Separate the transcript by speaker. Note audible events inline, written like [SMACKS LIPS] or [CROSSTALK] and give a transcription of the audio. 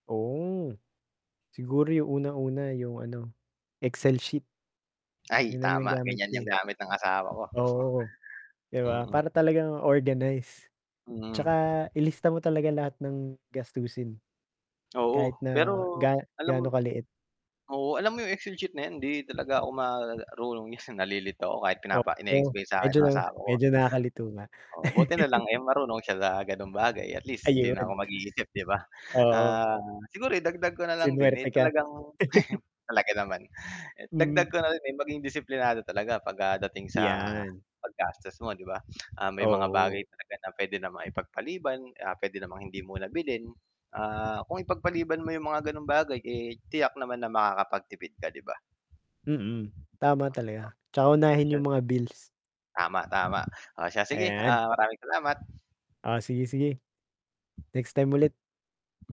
Speaker 1: Oh. Siguro 'yong unang-una 'yong ano, Excel sheet.
Speaker 2: Ay,
Speaker 1: 'Yon ang
Speaker 2: tama,
Speaker 1: ginagamit
Speaker 2: ganiyan
Speaker 1: ko,
Speaker 2: 'yong
Speaker 1: eh.
Speaker 2: gamit ng asawa ko.
Speaker 1: Oh, oo.
Speaker 2: [CHUCKLES]
Speaker 1: 'Di ba?
Speaker 2: Mm.
Speaker 1: Para talagang organized. Tsaka
Speaker 2: Hmm.
Speaker 1: ilista mo talaga lahat ng gastusin.
Speaker 2: Oo,
Speaker 1: Kahit
Speaker 2: pero
Speaker 1: na ga
Speaker 2: alam mo
Speaker 1: gaano kaliit.
Speaker 2: Oo, alam mo 'yong Excel sheet na 'yan, hindi talaga ako marunong 'yan, nalilito ako kahit pinapa
Speaker 1: Oo,
Speaker 2: ine-explain sa'kin
Speaker 1: medyo
Speaker 2: no'ng
Speaker 1: na
Speaker 2: asawa ko.
Speaker 1: medyo nakakalito nga.
Speaker 2: Oo, buti na lang,
Speaker 1: [LAUGHS]
Speaker 2: eh, marunong siya sa gano'ng bagay, at least 'di na ako
Speaker 1: Ayun.
Speaker 2: mag-iisip 'di ba?
Speaker 1: Oo.
Speaker 2: Ah, siguro idagdag ko na lang din, eh,
Speaker 1: Sinwerte ka.
Speaker 2: talagang [CHUCKLES]
Speaker 1: [LAUGHS]
Speaker 2: Talaga naman. Eh, dagdag
Speaker 1: Mm.
Speaker 2: ko na rin, eh, maging disiplinado talaga 'pag ka dating sa
Speaker 1: 'Yan.
Speaker 2: pag-gastos mo, [SMACKS LIPS] 'di ba? Ah, may mga
Speaker 1: Oo.
Speaker 2: bagay talaga na puwede namang ipagpaliban, ah, p'wede namang hindi muna bilhin. Ah, kung ipagpaliban mo 'yong mga ganong bagay, eh, tiyak naman na makakapagtipid ka, 'di ba?
Speaker 1: Mm, tama talaga, 'tsaka
Speaker 2: [UNINTELLIGIBLE] 'Tas
Speaker 1: unahin
Speaker 2: 'yon.
Speaker 1: 'yong mga bills.
Speaker 2: Tama, tama. Oh, siya sige,
Speaker 1: Ayan.
Speaker 2: ah. Maraming salamat.
Speaker 1: Oh, sige, sige. Next time ulit.